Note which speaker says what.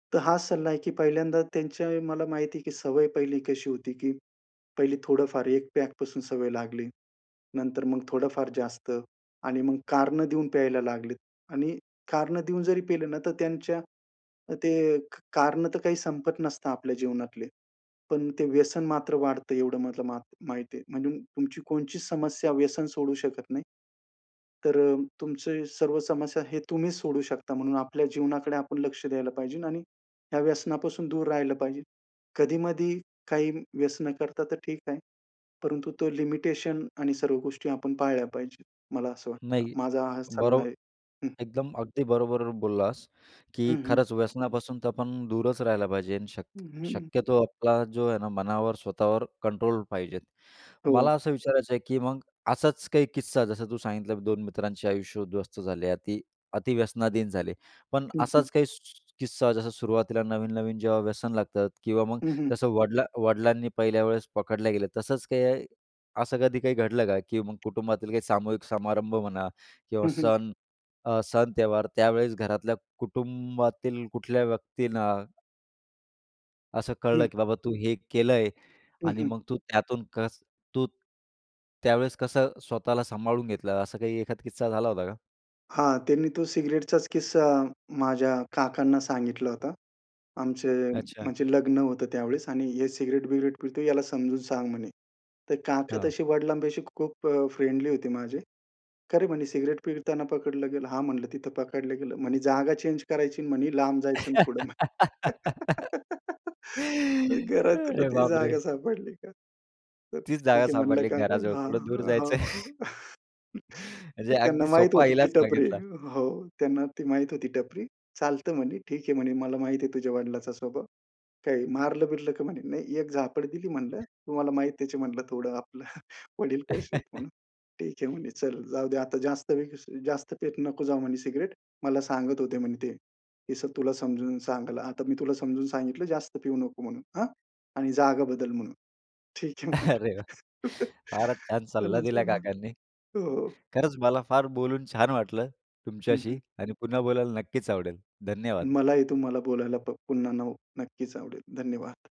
Speaker 1: तर हा सल्ला आहे की पहिल्यांदा त्यांच्या मला माहिती आहे की सवय पहिली कशी होती, की पहिले थोडंफार एक पॅकपासून सवय लागली. नंतर मग थोडंफार जास्त आणि मग कारणं देऊन प्यायला लागलेत आणि कारणं देऊन जरी पिले ना तर त्यांच्या अ, ते एक कारणं तर काही संपत नसतं आपल्या जीवनातले. पण ते व्यसन मात्र वाढतं, एवढं मला मात माहिती आहे. म्हणजे तुमची कोणची समस्या व्यसन सोडू शकत नाही. तर अ, तुमचे सर्व समस्या हे तुम्हीच सोडू शकता. म्हणून आपल्या जीवनाकडे आपण लक्ष द्यायला पाहिजे आणि या व्यसनापासून दूर राहिलं पाहिजे. कधी-मधी काही व्यसन करता तर ठीक आहे. परंतु तो लिमिटेशन आणि सर्व गोष्टी आपण पाळल्या पाहिजेत मला असं वाटतं.
Speaker 2: नाही.
Speaker 1: माझा हा सल्ला
Speaker 2: बरोब
Speaker 1: आहे. हं.
Speaker 2: एकदम अगदी बरोबर बोललास
Speaker 1: हं,
Speaker 2: की
Speaker 1: हं.
Speaker 2: खरंच व्यसनापासून तर आपण दूरच राहायला पाहिजे. शक
Speaker 1: अ, हं.
Speaker 2: शक्यतो आपला जो आहे ना, मनावर स्वतःवर कंट्रोल पाहिजे.
Speaker 1: हो.
Speaker 2: मला असं विचारायचं आहे की मग असाच काही किस्सा जसं तू सांगितलं 2 मित्रांचे आयुष्य उध्वस्त झाले अति अति व्यसनाधीन झाले. पण
Speaker 1: हं, हं.
Speaker 2: असाच काही सु किस्सा जसं सुरुवातीला नवीन, नवीन जेव्हा व्यसन लागतात किंवा मग
Speaker 1: हं, हं.
Speaker 2: जसं वडला वडिलांनी पहिल्या वेळेस पकडल्या गेल्या तसंच काही असं कधी काही घडलं का की मग कुटुंबातील काही सामूहिक समारंभ म्हणा किंवा
Speaker 1: हं, हं.
Speaker 2: सण अ, सण त्यौहार त्यावेळेस घरातल्या कुटुंबातील कुठल्या व्यक्तींना असं कळलं
Speaker 1: हं.
Speaker 2: की बाबा तू हे केलं आहे
Speaker 1: हं,
Speaker 2: आणि
Speaker 1: हं.
Speaker 2: मग तू त्यातून कस तू त्यावेळेस कसं स्वतःला सांभाळून घेतलं असं काही एखादा किस्सा झाला होता का?
Speaker 1: हां. त्यांनी तो सिगारेटचाच किस्सा माझ्या काकांना सांगितला होता. आमचे
Speaker 2: अच्छा.
Speaker 1: म्हणजे लग्न होतं त्यावेळेस आणि "हे सिगारेट-बिगारेट पितो आहे याला समजून सांग म्हणे." तर काका
Speaker 2: हां.
Speaker 1: तशी वडिलांपाशी खूप अ, फ्रेंडली होती माझे. "का रे, म्हणे सिगारेट पिताना पकडलं गेलं." हां म्हणलं, "तिथं पकडलं गेलं. म्हणे जागा चेंज करायची आणि लांब जायचं थोडं. घरात तुला
Speaker 2: अरे
Speaker 1: ती
Speaker 2: बापरे!
Speaker 1: जागा सापडली का? तर
Speaker 2: तीच जागा
Speaker 1: ठीक आहे." म्हणलं,
Speaker 2: सापडली
Speaker 1: "काका.
Speaker 2: घराजवळ,
Speaker 1: हां
Speaker 2: थोडं दूर जायचं?
Speaker 1: हां.
Speaker 2: म्हणजे
Speaker 1: त्यांना
Speaker 2: अगदी
Speaker 1: माहीत
Speaker 2: सोपा
Speaker 1: होती ती
Speaker 2: इलाज
Speaker 1: टपरी.
Speaker 2: सांगितला.
Speaker 1: हो, त्यांना ते माहीत होती टपरी. चालतं म्हणे, ठीक आहे म्हणे, "मला माहिती आहे तुझ्या वडिलांचा स्वभाव. काही मारलं-बिरलं का म्हणे, नाही एक झापड दिली म्हणलं, तुम्हाला माहीत आहे म्हणलं थोडं आपलं वडील कसे आहेत म्हणून." ठीक आहे म्हणे, "चल जाऊ दे आता जास्त जास्त पित नको जाऊ म्हणे सिगारेट." मला सांगत होते म्हणे ते हे सगळं तुला समजून सांगलं. आता मी तुला समजून सांगितलं, "जास्त पिऊ नको म्हणून. अ, आणि जागा बदल म्हणून." ठीक आहे
Speaker 2: अरे
Speaker 1: म्हणलं.
Speaker 2: वाह! फारच छान सल्ला
Speaker 1: चला
Speaker 2: दिला
Speaker 1: चला
Speaker 2: काकांनी.
Speaker 1: हो.
Speaker 2: खरंच मला फार बोलून छान वाटलं
Speaker 1: हं,
Speaker 2: तुमच्याशी
Speaker 1: हं.
Speaker 2: आणि पुन्हा बोलायला नक्कीच आवडेल. धन्यवाद.
Speaker 1: मलाही तुम्हाला बोलायला प पुन्हा नव नक्कीच आवडेल. धन्यवाद.